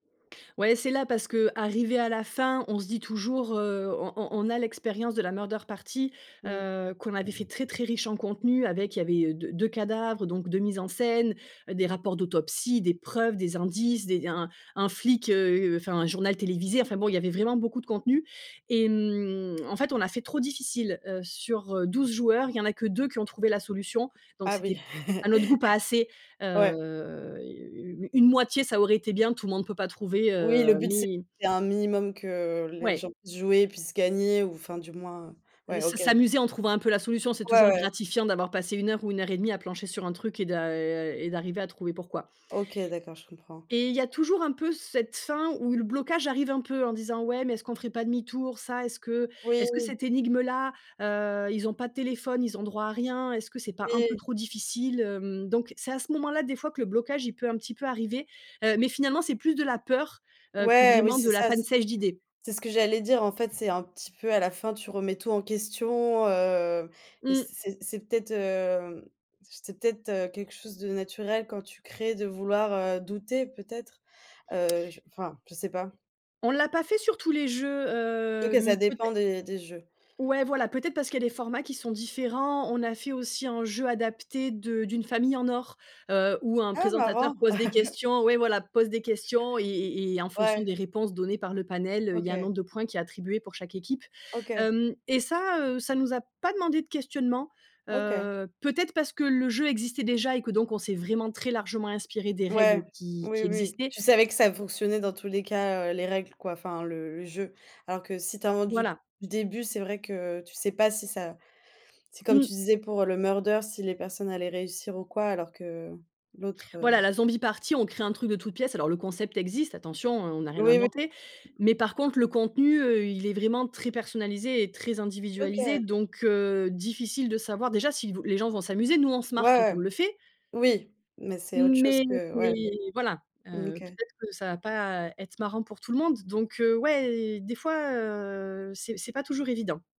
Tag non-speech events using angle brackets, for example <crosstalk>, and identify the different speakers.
Speaker 1: Ouais, c'est là parce qu'arrivé à la fin, on se dit toujours, heu, on on a l'expérience de la murder party,
Speaker 2: Mmh.
Speaker 1: heu, qu'on avait fait très, très riche en contenu avec il y avait d 2 cadavres, donc 2 mises en scène, heu, des rapports d'autopsie, des preuves, des indices, des un un un flic, heu, enfin, un journal télévisé, enfin, bon, il y avait vraiment beaucoup de contenus et hem, en fait, on a fait trop difficile, heu, sur 12 joueurs, il y en a que 2 qui ont trouvé la solution donc
Speaker 2: Ah oui.
Speaker 1: c'était à notre goût pas assez,
Speaker 2: <chuckles> Ouais.
Speaker 1: heu, u une moitié, ça aurait été bien, tout le monde peut pas trouver,
Speaker 2: Oui, le
Speaker 1: heu,
Speaker 2: but c'est
Speaker 1: mais
Speaker 2: un minimum que les
Speaker 1: Ouais.
Speaker 2: gens puissent jouer et puissent gagner ou enfin, du moins, heu,
Speaker 1: S'a
Speaker 2: ouais, OK,
Speaker 1: s'a
Speaker 2: d'acc
Speaker 1: s'amuser en trouvant un peu la solution. C'est
Speaker 2: Ouais,
Speaker 1: toujours
Speaker 2: ouais.
Speaker 1: gratifiant d'avoir passé 1 heure ou 1 heure 1/2 à plancher sur un truc et d'a et d'arriver à trouver pourquoi.
Speaker 2: OK, d'accord, je comprends.
Speaker 1: Et il y a toujours un peu cette fin où le blocage arrive un peu en disant, ouais, mais est-ce qu'on ferait pas demi-tour? Ça, est-ce que est-ce que
Speaker 2: Oui.
Speaker 1: cette énigme-là, heu, ils ont pas de téléphone, ils ont droit à rien, est-ce que c'est pas un peu
Speaker 2: Oui.
Speaker 1: trop difficile, hem? Donc, c'est à ce moment-là des fois que le blocage il peut, un petit peu, arriver, heu, mais finalement c'est plus de la peur, heu, que
Speaker 2: Ouais, oui,
Speaker 1: vraiment
Speaker 2: c'est
Speaker 1: de la
Speaker 2: ça.
Speaker 1: panne
Speaker 2: C'est
Speaker 1: sèche d'idées.
Speaker 2: c'est ce que j'allais dire, en fait, c'est un petit peu à la fin, tu remets tout en question, heu et
Speaker 1: Mmh.
Speaker 2: c'est c'est peut-être, heu, c'est peut-être, heu, quelque chose de naturel quand tu crées de vouloir, heu, douter peut-être, heu, je enfin, je sais pas.
Speaker 1: On l'a pas fait sur tous les jeux,
Speaker 2: Surtout que ça
Speaker 1: hem,
Speaker 2: dépend
Speaker 1: peut-être.
Speaker 2: des des jeux.
Speaker 1: Ouais, voilà, peut-être parce qu'il y a des formats qui sont différents. On a fait aussi un jeu adapté de d'une famille en or, heu, où un
Speaker 2: Ah
Speaker 1: présentateur
Speaker 2: marrant!
Speaker 1: pose des
Speaker 2: <chuckles>
Speaker 1: questions, ouais, voilà, pose des questions et et et en fonction
Speaker 2: Ouais.
Speaker 1: des réponses données par le panel, heu, il y a un
Speaker 2: OK.
Speaker 1: nombre de points qui est attribué pour chaque équipe,
Speaker 2: OK.
Speaker 1: hem et ça, heu, ça nous a pas demandé de questionnement,
Speaker 2: OK.
Speaker 1: heu, peut-être parce que le jeu existait déjà et que donc on s'est vraiment très largement inspiré des règles
Speaker 2: Ouais,
Speaker 1: qui
Speaker 2: oui,
Speaker 1: qui
Speaker 2: oui.
Speaker 1: existaient.
Speaker 2: Tu savais que ça fonctionnait dans tous les cas, heu, les règles, quoi, enfin le le jeu, alors que si tu inventes du
Speaker 1: Voilà.
Speaker 2: du début, c'est vrai que tu sais pas si ça c'est comme tu
Speaker 1: Mmh.
Speaker 2: disais pour le murder, si les personnes allaient réussir ou quoi alors que l'autre,
Speaker 1: Voilà,
Speaker 2: heu
Speaker 1: la zombie party, on crée un truc de toutes pièces alors le concept existe, attention, on on a rien
Speaker 2: Oui, oui.
Speaker 1: inventé mais par contre le contenu, heu, il est vraiment très personnalisé et très individualisé,
Speaker 2: OK.
Speaker 1: donc heu, difficile de savoir, déjà, si vous les gens vont s'amuser, nous on se
Speaker 2: Ouais,
Speaker 1: marre quand on
Speaker 2: ouais,
Speaker 1: le fait
Speaker 2: oui mais c'est autre chose
Speaker 1: mais
Speaker 2: que
Speaker 1: c'est
Speaker 2: ouais.
Speaker 1: voilà,
Speaker 2: Mmh,
Speaker 1: heu,
Speaker 2: OK.
Speaker 1: peut-être que ça va pas être marrant pour tout le monde donc heu, ouais, des fois, heu, c'est c'est pas toujours évident.